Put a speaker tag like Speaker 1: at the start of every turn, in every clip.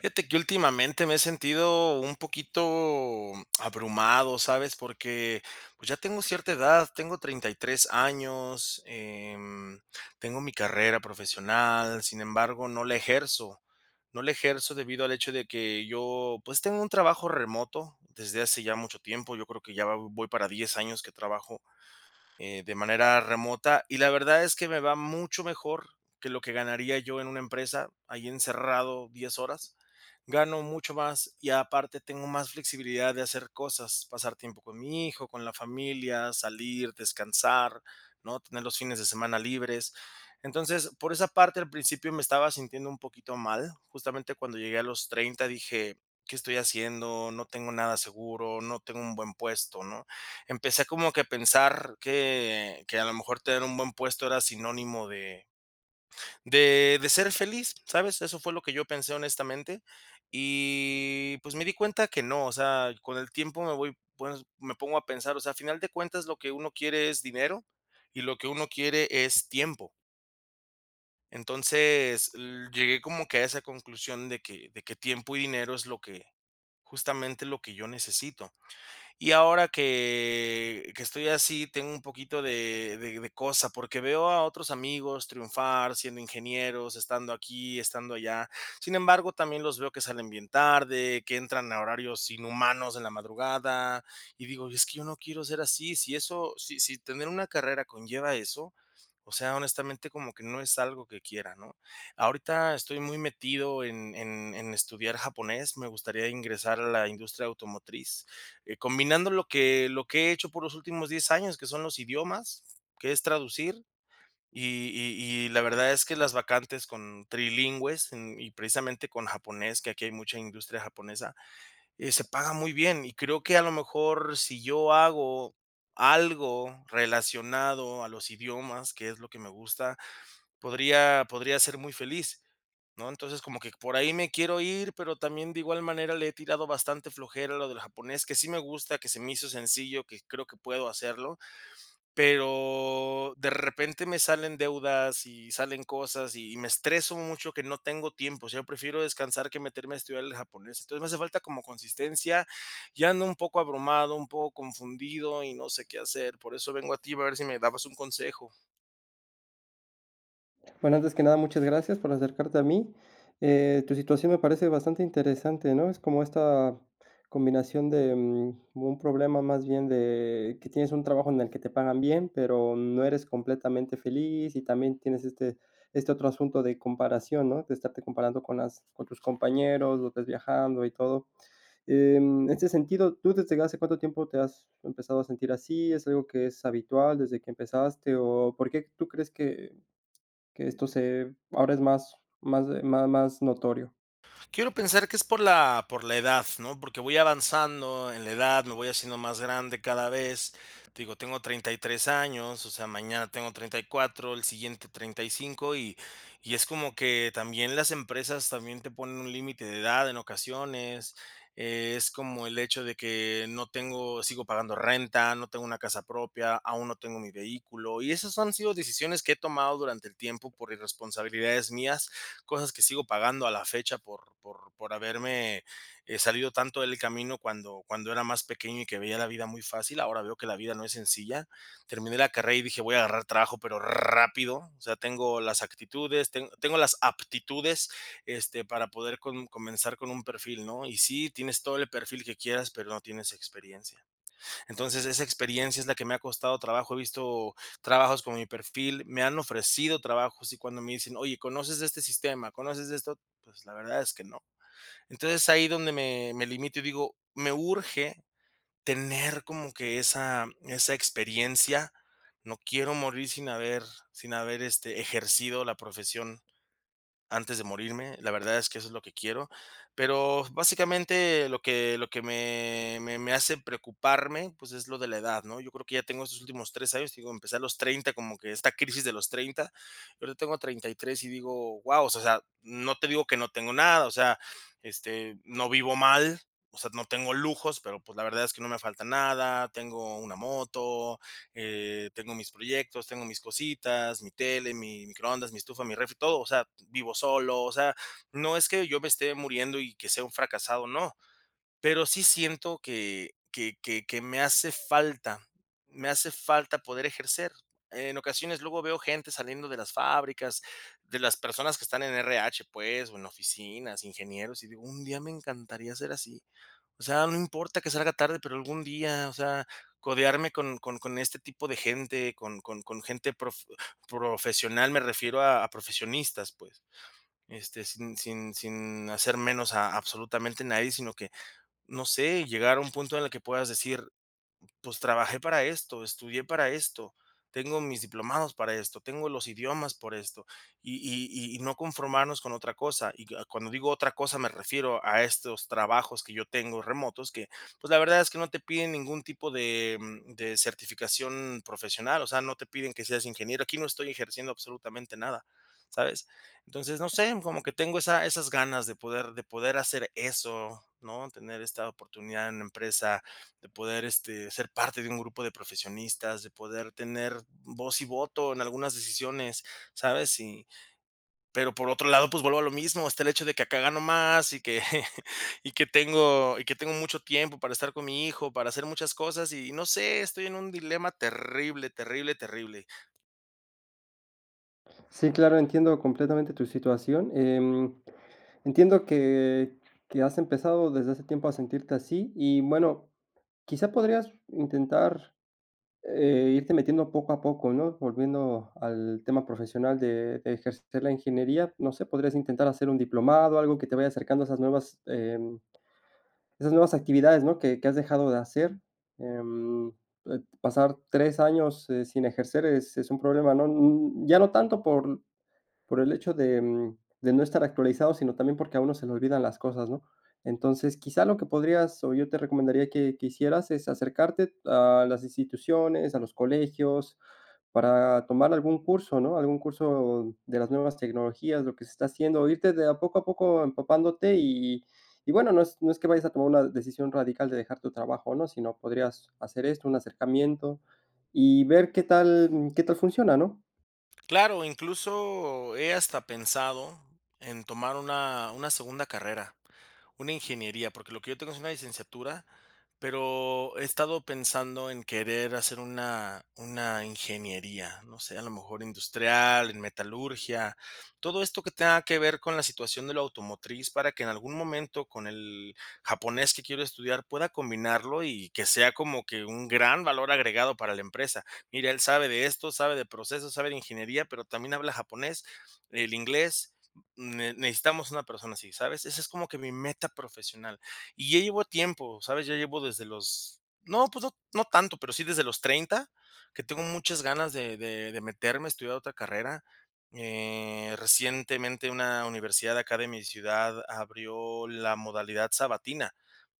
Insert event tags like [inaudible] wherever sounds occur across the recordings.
Speaker 1: Fíjate que últimamente me he sentido un poquito abrumado, ¿sabes? Porque, pues, ya tengo cierta edad, tengo 33 años, em, tengo mi carrera profesional, sin embargo, no la ejerzo, no la ejerzo debido al hecho de que yo, pues, tengo un trabajo remoto desde hace ya mucho tiempo, yo creo que ya va voy para 10 años que trabajo, eh, de manera remota, y la verdad es que me va mucho mejor que lo que ganaría yo en una empresa, ahí encerrado 10 horas. Gano mucho más, y aparte tengo más flexibilidad de hacer cosas, pasar tiempo con mi hijo, con la familia, salir, descansar, ¿no? tener los fines de semana libres. Entonces, por esa parte, al principio me estaba sintiendo un poquito mal. Justamente cuando llegué a los 30 dije: "¿Qué estoy haciendo? No tengo nada seguro, no tengo un buen puesto", ¿no? Empecé como que a pensar que que a lo mejor tener un buen puesto era sinónimo de de de ser feliz. ¿Sabes? Eso fue lo que yo pensé honestamente. Y pues me di cuenta que no, o sea, con el tiempo me voy pues, me pongo a pensar, o sea, a final de cuentas, lo que uno quiere es dinero, y lo que uno quiere es tiempo. Entonces, l llegué como que a esa conclusión de que de que tiempo y dinero es lo que, justamente lo que yo necesito. Y ahora que que estoy así, tengo un poquito de de de cosa, porque veo a otros amigos triunfar siendo ingenieros, estando aquí, estando allá. Sin embargo, también los veo que salen bien tarde, que entran a horarios inhumanos en la madrugada, y digo: "Es que yo no quiero ser así", si eso si si tener una carrera conlleva eso, o sea, honestamente, como que no es algo que quiera, ¿no? Ahorita estoy muy metido en en en estudiar japonés, me gustaría ingresar a la industria automotriz. Eh, combinando lo que lo que he hecho por los últimos 10 años, que son los idiomas, que es traducir, y y y la verdad es que las vacantes con trilingües en y precisamente con japonés, que aquí hay mucha industria japonesa, eh, se paga muy bien, y creo que a lo mejor si yo hago algo relacionado a los idiomas, que es lo que me gusta, podría podría ser muy feliz, ¿no? Entonces, como que por ahí me quiero ir, pero también de igual manera le he tirado bastante flojera a lo del japonés, que sí me gusta, que se me hizo sencillo, que creo que puedo hacerlo, pero de repente me salen deudas y salen cosas, y me estreso mucho que no tengo tiempo. O sea, prefiero descansar que meterme a estudiar el japonés. Entonces, me hace falta como consistencia. Ya ando un poco abrumado, un poco confundido, y no sé qué hacer, por eso vengo a ti a ver si me dabas un consejo.
Speaker 2: Bueno, antes que nada, muchas gracias por acercarte a mí. Eh, tu situación me parece bastante interesante, ¿no? Es como esta combinación de, mm, un problema más bien de que tienes un trabajo en el que te pagan bien, pero no eres completamente feliz, y también tienes este este otro asunto de comparación, ¿no? De estarte comparando con las con tus compañeros, los ves viajando y todo. En ese sentido, ¿tú desde hace cuánto tiempo te has empezado a sentir así? ¿Es algo que es habitual desde que empezaste? ¿O por qué tú crees que que esto se ahora es más más de ma más notorio?
Speaker 1: Quiero pensar que es por la por la edad, ¿no? Porque voy avanzando en la edad, me voy haciendo más grande cada vez. Te digo, tengo 33 años, o sea, mañana tengo 34, el siguiente 35, y y es como que también las empresas también te ponen un límite de edad en ocasiones. Es como el hecho de que no tengo sigo pagando renta, no tengo una casa propia, aún no tengo mi vehículo, y esas han sido decisiones que he tomado durante el tiempo por irresponsabilidades mías, cosas que sigo pagando a la fecha por por por haberme, eh, salido tanto del camino cuando cuando era más pequeño y que veía la vida muy fácil. Ahora veo que la vida no es sencilla. Terminé la carrera y dije, voy a agarrar trabajo, pero rápido. O sea, tengo las actitudes, teng tengo las aptitudes, este, para poder com comenzar con un perfil, ¿no? Y sí, tienes todo el perfil que quieras, pero no tienes experiencia. Entonces, esa experiencia es la que me ha costado trabajo. He visto trabajos con mi perfil, me han ofrecido trabajos y cuando me dicen, oye: "¿Conoces de este sistema? ¿Conoces de esto?" Pues, la verdad es que no. Entonces, ahí donde me me limito y digo, me urge tener como que esa esa experiencia. No quiero morir sin haber sin haber, este, ejercido la profesión antes de morirme. La verdad es que eso es lo que quiero. Pero, básicamente, lo que lo que me me me hace preocuparme, pues, es lo de la edad, ¿no? Yo creo que ya tengo estos últimos 3 años, te digo, empecé a los 30, como que esta crisis de los 30, y ahorita tengo 33 y digo, wao, o sea sea, no te digo que no tengo nada, o sea, este, no vivo mal, o sea, no tengo lujos, pero, pues, la verdad es que no me falta nada, tengo una moto, eh, tengo mis proyectos, tengo mis cositas, mi tele, mi microondas, mi estufa, mi refri, todo, o sea, vivo solo, o sea, no es que yo me esté muriendo y que sea un fracasado, no. Pero sí siento que que que que me hace falta, me hace falta poder ejercer. En ocasiones, luego veo gente saliendo de las fábricas, de las personas que están en RH, pues, o en oficinas, ingenieros, y digo, un día me encantaría ser así. O sea, no importa que salga tarde, pero algún día, o sea, codearme con con con este tipo de gente, con con con gente prof profesional, me refiero a profesionistas, pues. Este, sin sin sin hacer menos a absolutamente nadie, sino que, no sé, llegar a un punto en el que puedas decir, pues trabajé para esto, estudié para esto, tengo mis diplomados para esto, tengo los idiomas por esto, y y y no conformarnos con otra cosa. Y que cuando digo otra cosa, me refiero a estos trabajos que yo tengo remotos que, pues, la verdad es que no te piden ningún tipo de mm, de, certificación profesional, o sea, no te piden que seas ingeniero, aquí no estoy ejerciendo absolutamente nada, ¿sabes? Entonces, no sé, como que tengo esa esas ganas de poder de poder hacer eso, ¿no? Tener esta oportunidad en la empresa, de poder, este, ser parte de un grupo de profesionistas, de poder tener voz y voto en algunas decisiones, ¿sabes? Y pero por otro lado, pues vuelvo a lo mismo, está el hecho de que acá gano más y que [chuckles] y que tengo y que tengo mucho tiempo para estar con mi hijo, para hacer muchas cosas y no sé, estoy en un dilema terrible, terrible, terrible.
Speaker 2: Sí, claro, entiendo completamente tu situación. Em, entiendo que que has empezado desde hace tiempo a sentirte así y, bueno, quizás podrías intentar, eh, irte metiendo poco a poco, ¿no? Volviendo al tema profesional de de ejercer la ingeniería. No sé, podrías intentar hacer un diplomado, algo que te vaya acercando a esas nuevas, em, esas nuevas actividades, ¿no? Que que has dejado de hacer. Em, eh, pasar 3 años, eh, sin ejercer es es un problema, ¿no? n ya no tanto por por el hecho de de no estar actualizado, sino también porque a uno se le olvidan las cosas, ¿no? Entonces, quizá lo que podrías, o yo te recomendaría que que hicieras es acercarte a las instituciones, a los colegios, para tomar algún curso, ¿no? Algún curso de las nuevas tecnologías, lo que se está haciendo, irte de a poco a poco empapándote. Y y bueno, no es no es que vayas a tomar una decisión radical de dejar tu trabajo, ¿no? Si no podrías hacer esto, un acercamiento y ver qué tal qué tal funciona, ¿no?
Speaker 1: Claro, incluso he hasta pensado en tomar una una segunda carrera, una ingeniería, porque lo que yo tengo es una licenciatura, pero he estado pensando en querer hacer una una ingeniería, no sé, a lo mejor industrial, en metalurgia, todo esto que tenga que ver con la situación de lo automotriz, para que en algún momento con el japonés que quiero estudiar pueda combinarlo y que sea como que un gran valor agregado para la empresa: "Mire, él sabe de esto, sabe de proceso, sabe de ingeniería, pero también habla japonés, el inglés, ne necesitamos una persona así", ¿sabes? Esa es como que mi meta profesional. Y ya llevo tiempo, ¿sabes? Ya llevo desde los no, pues no no tanto, pero sí desde los 30, que tengo muchas ganas de de de meterme a estudiar otra carrera. Eh, recientemente una universidad de acá de mi ciudad abrió la modalidad sabatina,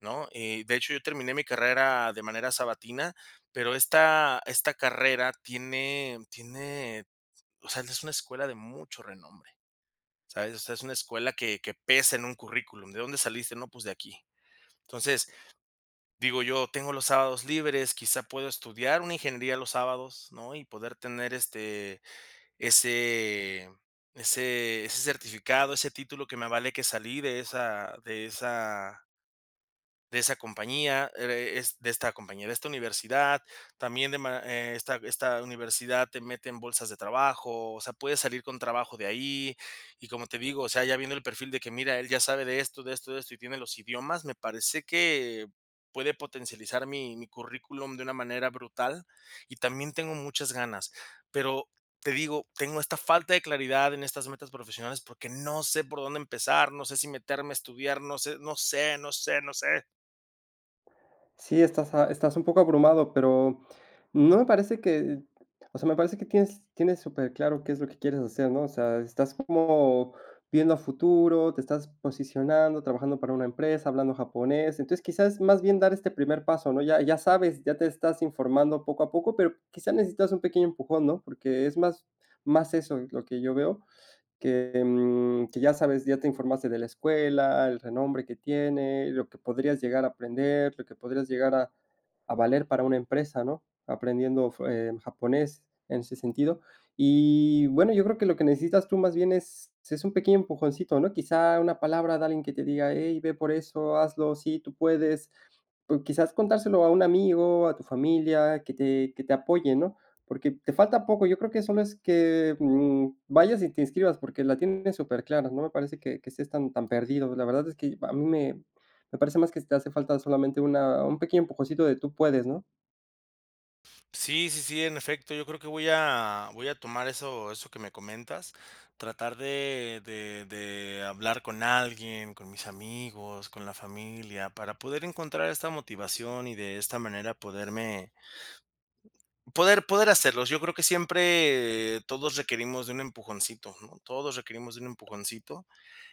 Speaker 1: ¿no? Eh, de hecho, yo terminé mi carrera de manera sabatina, pero esta esta carrera tiene tiene, o sea, es una escuela de mucho renombre, ¿sabes? O sea, es una escuela que que pesa en un currículum. "¿De dónde saliste?", "No, pues de aquí". Entonces, digo, yo tengo los sábados libres, quizá puedo estudiar una ingeniería los sábados, ¿no? Y poder tener este ese ese ese certificado, ese título que me avale que salí de esa de esa de esa compañía, ere es de esta compañía, de esta universidad. También de ma eh, esta esta universidad te mete en bolsas de trabajo, o sea, puedes salir con trabajo de ahí, y como te digo, o sea, ya viendo el perfil de que mira, él ya sabe de esto, de esto, de esto, y tiene los idiomas, me parece que puede potencializar mi mi currículum de una manera brutal, y también tengo muchas ganas. Pero te digo, tengo esta falta de claridad en estas metas profesionales porque no sé por dónde empezar, no sé si meterme a estudiar, no sé no sé no sé no sé.
Speaker 2: Sí, estás a estás un poco abrumado, pero, no me parece que o sea, me parece que tienes superclaro qué es lo que quieres hacer, ¿no? O sea, estás como viendo a futuro, te estás posicionando, trabajando para una empresa, hablando japonés. Entonces, quizás, más bien, dar este primer paso, ¿no? Ya ya sabes, ya te estás informando poco a poco, pero quizás necesitas un pequeño empujón, ¿no? Porque es más más eso lo que yo veo, que, em, que ya sabes, ya te informaste de la escuela, el renombre que tiene, lo que podrías llegar a aprender, lo que podrías llegar a a valer para una empresa, ¿no? Aprendiendo fu eh, japonés en ese sentido. Y bueno, yo creo que lo que necesitas tú más bien es es un pequeño empujoncito, ¿no?, quizá una palabra de alguien que te diga: "Hey, ve por eso, hazlo, sí, tú puedes". O quizás contárselo a un amigo, a tu familia, que te que te apoye, ¿no? Porque te falta poco, yo creo que solo es que, mm, vayas y te inscribas, porque la tienes superclara. No me parece que que estés tan tan perdido. La verdad es que a mí me me parece más que te hace falta solamente una un pequeño empujoncito de: "Tú puedes", ¿no?
Speaker 1: Sí, sí, sí, en efecto, yo creo que voy a voy a tomar eso eso que me comentas. Tratar de de de hablar con alguien, con mis amigos, con la familia, para poder encontrar esta motivación y de esta manera poderme poder poder hacerlo. Yo creo que siempre todos requerimos de un empujoncito, ¿no? Todos requerimos de un empujoncito,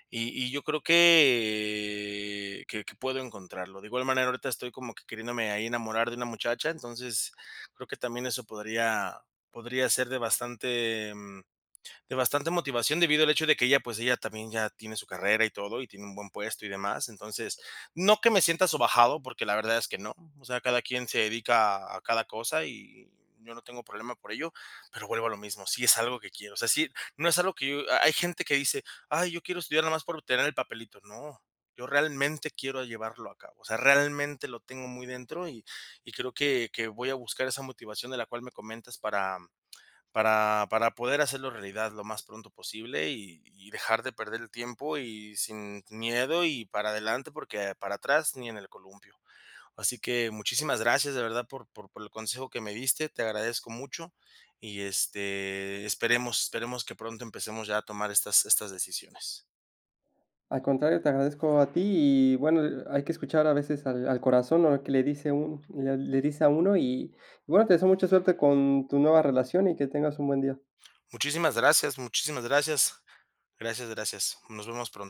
Speaker 1: y y yo creo que que que puedo encontrarlo. De igual manera, ahorita estoy como que queriéndome ahí enamorar de una muchacha. Entonces, creo que también eso podría podría ser de bastante, em, de bastante motivación, debido al hecho de que ella, pues, ella también ya tiene su carrera y todo, y tiene un buen puesto y demás. Entonces, no que me sienta sobajado, porque la verdad es que no. O sea, cada quien se dedica a cada cosa y y yo no tengo problema por ello, pero vuelvo a lo mismo, si es algo que quiero, o sea, sí. No es algo que yo ha hay gente que dice: "Ay, yo quiero estudiar nada más para obtener el papelito", no. Yo realmente quiero llevarlo a cabo. O sea, realmente lo tengo muy dentro, y y creo que que voy a buscar esa motivación de la cual me comentas para para para poder hacerlo realidad lo más pronto posible, y y dejar de perder el tiempo y sin n miedo y para adelante porque para atrás, ni en el columpio. Así que muchísimas gracias de verdad por por por el consejo que me diste, te agradezco mucho, y este, esperemos esperemos que pronto empecemos ya a tomar estas estas decisiones.
Speaker 2: Al contrario, te agradezco a ti y, bueno, ha hay que escuchar a veces al al corazón, ¿no?, que le dice uno, le le dice a uno. Y, bueno te deseo mucha suerte con tu nueva relación y que tengas un buen día.
Speaker 1: Muchísimas gracias, muchísimas gracias, gracias, gracias. Nos vemos pronto.